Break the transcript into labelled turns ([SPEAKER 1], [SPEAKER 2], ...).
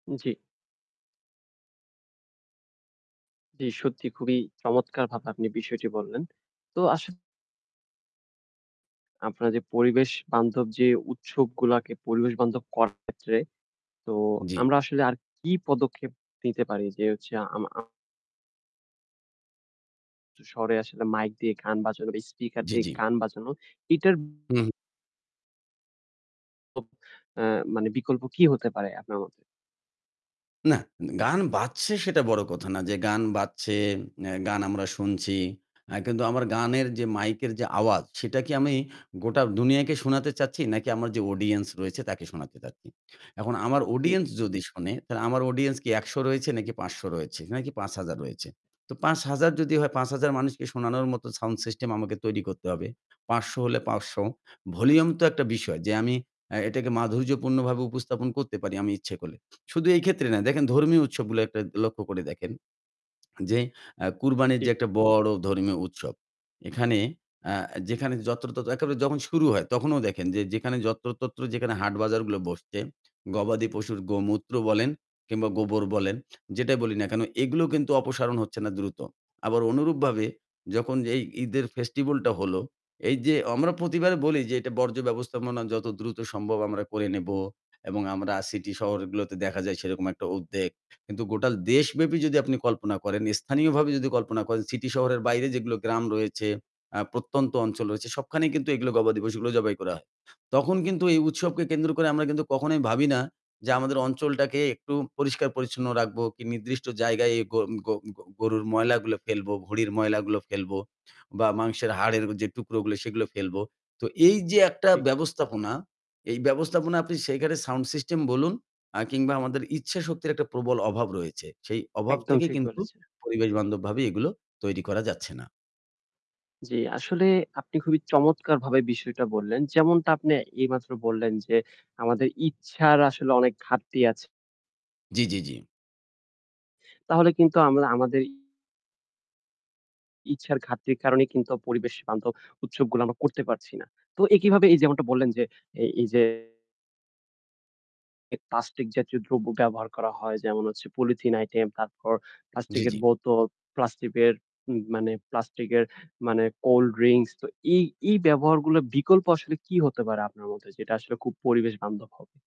[SPEAKER 1] জ্বী। জি সত্যি খুবই চমৎকারভাবে আপনি বিষয়টি বললেন। তো আসা আপনার যে পরিবেশ বান্ধব যে উৎসবগুলাকে পরিবেশ বান্ধব করার ক্ষেত্রে তো
[SPEAKER 2] জ্বি।
[SPEAKER 1] আমরা আসলে আর কি পদক্ষেপ নিতে পারি যে হচ্ছে আমা আ শহরে আসলে মাইক দিয়ে গান বাজানো বা স্পিকার
[SPEAKER 2] জ্বি,
[SPEAKER 1] দিয়ে
[SPEAKER 2] জ্বি।
[SPEAKER 1] গান বাজানো। এটার
[SPEAKER 2] হু, হু।
[SPEAKER 1] [unintelligible] আ মানে বিকল্প কি হতে পারে আপনার মতে?
[SPEAKER 2] না, গান বাজছে সেটা বড় কথা না। যে গান বাজছে, এ্যা গান আমরা শুনছি। আ কিন্তু আমার গানের যে মাইকের যে আওয়াজ সেটা কি আমি গোটা দুনিয়াকে শোনাতে চাচ্ছি নাকি আমার যে অডিয়েন্স রয়েছে তাকে শোনাতে চাচ্ছি? এখন আমার
[SPEAKER 1] জ্বী।
[SPEAKER 2] অডিয়েন্স যদি শোনে তাহলে আমার অডিয়েন্স কি ১০০ রয়েছে? ৫০০ রয়েছে। নাকি ৫০০০ রয়েছে। তো ৫০০০ যদি হয় ৫০০০ মানুষকে শোনানোর মতো সাউন্ড সিস্টেম আমাকে তৈরি করতে হবে। ৫০০ হলে ৫০০ ভলিউম তো একটা বিষয় যে আমি এ্যা এটাকে মাধুর্যপূর্ণভাবে উপস্থাপন করতে পারি আমি ইচ্ছে করলে। শুধু এই ক্ষেত্রে না দেখেন ধর্মীয় উৎসবগুলো একটা লক্ষ্য করে দেখেন। যে আ কুরবানির যে
[SPEAKER 1] জ্বী।
[SPEAKER 2] একটা বড় ধর্মীয় উৎসব, এখানে আ যেখানে যত্রতত্র একেবারে যখন শুরু হয় তখনও দেখেন যে যেখানে যত্র তত্র যেখানে হাট বাজারগুলো বসছে, গবাদি পশুর গোমূত্র বলেন কিংবা গোবর বলেন যেটাই বলি না কেন এগুলো কিন্তু অপসারণ হচ্ছে না দ্রুত। আবার অনুরূপভাবে যখন এই ঈদের ফেস্টিভাল টা হলো, এই যে আমরা প্রতি এবারে বলি যে এটা বর্জ্য ব্যবস্থাপনা যত দ্রুত সম্ভব আমরা করে নেব। এবং আমরা সিটি শহরগুলোতে দেখা যায় সেরকম একটা উদ্বেগ। কিন্তু গোটা দেশব্যাপী যদি আপনি কল্পনা করেন স্থানীয়ভাবে যদি কল্পনা করেন সিটি শহরের বাইরে যেগুলো গ্রাম রয়েছে, আ প্রত্যন্ত অঞ্চল রয়েছে সবখানেই কিন্তু এগুলো গবা দিবস এগুলো জবাই করা হয়। তখন কিন্তু এই উৎসবকে কেন্দ্র করে আমরা কিন্তু কখনোই ভাবি না যে আমাদের অঞ্চলটাকে একটু পরিষ্কার পরিচ্ছন্ন রাখবো কি নির্দিষ্ট জায়গায় গ গ গ গরুর ময়লাগুলো ফেলবো, ঘড়ির ময়লাগুলো ফেলবো বা মাংসের হাড়ের যে টুকরো গুলো সেগুলো ফেলবো। তো এই যে একটা
[SPEAKER 1] জ্বি।
[SPEAKER 2] ব্যবস্থাপনা, এই ব্যবস্থাপনা আপনি সেখানে সাউন্ড সিস্টেম বলুন আ কিংবা আমাদের ইচ্ছা শক্তির একটা প্রবল অভাব রয়েছে। সেই অভাব
[SPEAKER 1] একদম
[SPEAKER 2] থেকে
[SPEAKER 1] ঠিক
[SPEAKER 2] কিন্তু
[SPEAKER 1] বলেছেন।
[SPEAKER 2] পরিবেশ বান্ধবভাবে এগুলো তৈরি করা যাচ্ছে না।
[SPEAKER 1] জী আসলে আপনি খুবই চমৎকারভাবে বিষয়টা বললেন। যেমনটা আপনি এই মাত্র বললেন যে আমাদের ইচ্ছার আসলে অনেক ঘাটতি আছে।
[SPEAKER 2] জ্বি, জ্বি, জ্বি।
[SPEAKER 1] তাহলে কিন্তু আমরা আমাদের ইচ্ছার ঘাটতির কারণেই কিন্তু পরিবেশ বান্ধব উৎসবগুলো আমরা করতে পারছি না। তো একইভাবে এই যেমনটা বললেন যে এ এই যে এ প্লাস্টিক জাতীয় দ্রব্য ব্যবহার করা হয় যেমন হচ্ছে পলিথিন আইটেম, তারপর
[SPEAKER 2] জ্বি,
[SPEAKER 1] প্লাস্টিকের
[SPEAKER 2] জ্বি।
[SPEAKER 1] বোতল, প্লাস্টিকের উ মানে প্লাস্টিক এর মানে কোল্ড ড্রিংকস তো এই, এই, ব্যবহারগুলোর বিকল্প আসলে কি হতে পারে আপনার মধ্যে যেটা আসলে খুব পরিবেশ বান্ধব হবে।